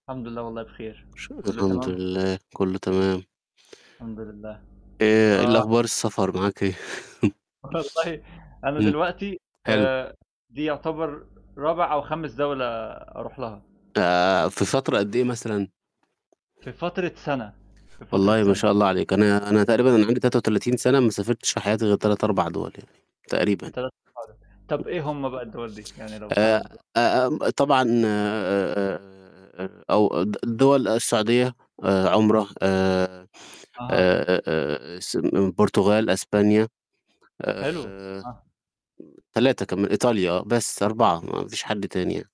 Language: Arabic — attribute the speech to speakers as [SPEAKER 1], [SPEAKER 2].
[SPEAKER 1] الحمدلله والله بخير،
[SPEAKER 2] الش
[SPEAKER 1] كلّه
[SPEAKER 2] الحمد
[SPEAKER 1] تمام؟
[SPEAKER 2] لله، كلّه تمام.
[SPEAKER 1] الحمدلله،
[SPEAKER 2] آآ إيه
[SPEAKER 1] آه.
[SPEAKER 2] الأخبار، السفر معاك إيه؟
[SPEAKER 1] والله أنا
[SPEAKER 2] امم.
[SPEAKER 1] دلوقتي
[SPEAKER 2] حلو.
[SPEAKER 1] آآ دي يُعتبر رابع، أو خامس دَولة أرُوح لها.
[SPEAKER 2] آآ في فترة قد إيه مثلًا؟
[SPEAKER 1] في فترة سنة، في فترة
[SPEAKER 2] والله ما
[SPEAKER 1] سنة.
[SPEAKER 2] شاء الله عليك، أنا أنا تقريبًا أنا عندي 33 سنة، ما سافرتش في حياتي غير 3، 4 دُوَل يعني، تقريبًا.
[SPEAKER 1] 3 [unintelligible] طَب
[SPEAKER 2] [unintelligible]
[SPEAKER 1] إيه هُم بقى الدَول دي، يعني لو
[SPEAKER 2] آآ
[SPEAKER 1] حابب؟
[SPEAKER 2] آمم، طبعًا آآ أو د دَول السعودية آآ عُمرَة آآ
[SPEAKER 1] أها.
[SPEAKER 2] آآ آآ السن البرتغال، إسبانيا،
[SPEAKER 1] حلوة،
[SPEAKER 2] آآ
[SPEAKER 1] آه.
[SPEAKER 2] 3 كما إيطاليا آه، بس 4، ما فيش حد تاني ي